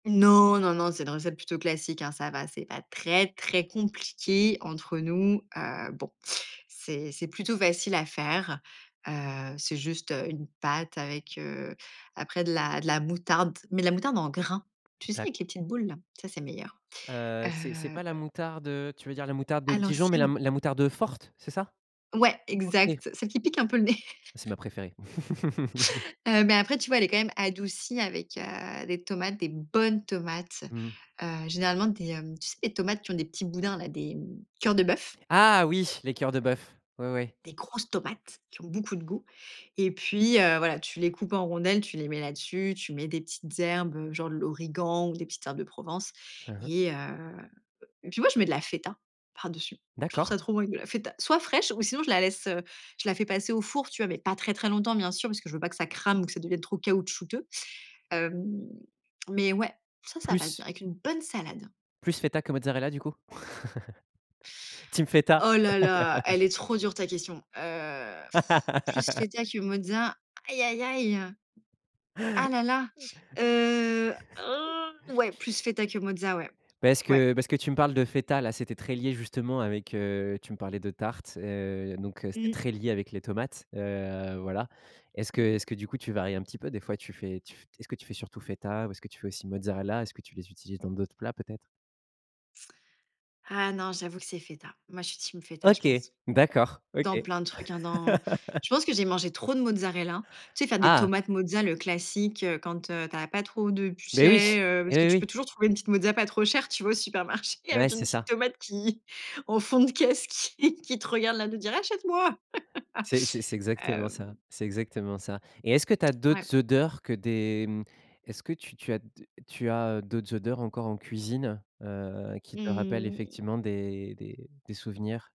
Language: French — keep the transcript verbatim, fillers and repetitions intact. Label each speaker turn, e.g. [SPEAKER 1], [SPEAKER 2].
[SPEAKER 1] Non, non, non, c'est une recette plutôt classique, hein. Ça va, c'est pas très, très compliqué entre nous, heu, bon c'est c'est plutôt facile à faire, heu, c'est juste, heu, une pâte avec, heu, après de la de la moutarde, mais de la moutarde en grains. Tu sais,
[SPEAKER 2] D'acc
[SPEAKER 1] avec les petites boules? Ça, c'est meilleur,
[SPEAKER 2] Heu,
[SPEAKER 1] heu
[SPEAKER 2] c'est c'est
[SPEAKER 1] heu
[SPEAKER 2] pas la moutarde, heu, tu veux dire la moutarde de
[SPEAKER 1] À
[SPEAKER 2] Dijon mais la
[SPEAKER 1] l'ancienne.
[SPEAKER 2] la moutarde forte, c'est ça?
[SPEAKER 1] Ouais,
[SPEAKER 2] OK.
[SPEAKER 1] exact, celle qui pique un peu le nez
[SPEAKER 2] C'est ma préférée.
[SPEAKER 1] heu, mais après, tu vois, elle est quand même adoucie avec, heu, des tomates, des bonnes tomates,
[SPEAKER 2] Mmh.
[SPEAKER 1] heu, généralement des, hem, tu sais les tomates qui ont des petits boudins, des mmh, cœurs de bœuf
[SPEAKER 2] Ah oui, les cœurs de bœuf. Ouais, ouais.
[SPEAKER 1] des grosses tomates qui ont beaucoup de goût et puis heu, voilà, tu les coupes en rondelles, tu les mets là dessus, tu mets des petites herbes, heu, genre, heu, de l'origan ou des petites herbes de Provence
[SPEAKER 2] Mmh mh.
[SPEAKER 1] et heu heu, puis moi, mets de la feta par dessus. Je trouve
[SPEAKER 2] D'accord.
[SPEAKER 1] ça trop bien, de la feta soit fraîche ou sinon je la laisse, heu, je la fais passer au four, tu vois? Mais pas très très longtemps, bien sûr, parce que je veux pas que ça crame ou que ça devienne trop caoutchouteux. Hem, mais ouais, ça, ça passe bien
[SPEAKER 2] Plus
[SPEAKER 1] avec une bonne salade.
[SPEAKER 2] plus feta que mozzarella du coup? Team feta?
[SPEAKER 1] Oh là là, elle est trop dure ta question, heu, plus feta que mozza? Aïe aïe aïe, heu, ah là là, heu, ah! Ouais, plus feta que mozza, ouais.
[SPEAKER 2] Parce
[SPEAKER 1] Ouais.
[SPEAKER 2] que parce que tu me parles de feta là, c'était très lié justement avec, heu, tu me parlais de tarte, heu, donc heu, c'était
[SPEAKER 1] Mmh.
[SPEAKER 2] très lié avec les tomates, heu, voilà. Est-ce que est-ce que du coup tu varies un petit peu, des fois tu fais, tu fais est-ce que tu fais surtout feta ou est-ce que tu fais aussi mozzarella? Est-ce que tu les utilises dans d'autres plats, peut-être?
[SPEAKER 1] Ah non, j'avoue que c'est feta. Moi, je suis team feta, je
[SPEAKER 2] OK,
[SPEAKER 1] pense.
[SPEAKER 2] d'accord,
[SPEAKER 1] Dans
[SPEAKER 2] OK.
[SPEAKER 1] plein de trucs, hein, dans je pense que j'ai mangé trop de mozzarella. Tu sais, faire des
[SPEAKER 2] Ah!
[SPEAKER 1] tomates mozza le classique, heu, quand, heu, tu as pas trop de pu
[SPEAKER 2] Mais oui,
[SPEAKER 1] chais
[SPEAKER 2] oui
[SPEAKER 1] parce que
[SPEAKER 2] oui,
[SPEAKER 1] tu
[SPEAKER 2] oui.
[SPEAKER 1] peux toujours trouver une petite mozza pas, trop cher, tu vois? Au supermarché
[SPEAKER 2] Ouais,
[SPEAKER 1] avec une
[SPEAKER 2] c'est
[SPEAKER 1] petite
[SPEAKER 2] ça.
[SPEAKER 1] tomate qui au fond de caisse qui qui te regarde là, à l'air de dire: «Achète-moi».
[SPEAKER 2] C'est c'est c'est exactement
[SPEAKER 1] Hem
[SPEAKER 2] ça, c'est exactement ça et est-ce que tu as
[SPEAKER 1] Ouais.
[SPEAKER 2] d'autres odeurs que des, hem, est-ce que tu tu as tu as d'autres odeurs encore en cuisine, heu, qui te rappellent
[SPEAKER 1] Mmh.
[SPEAKER 2] effectivement des des des souvenirs?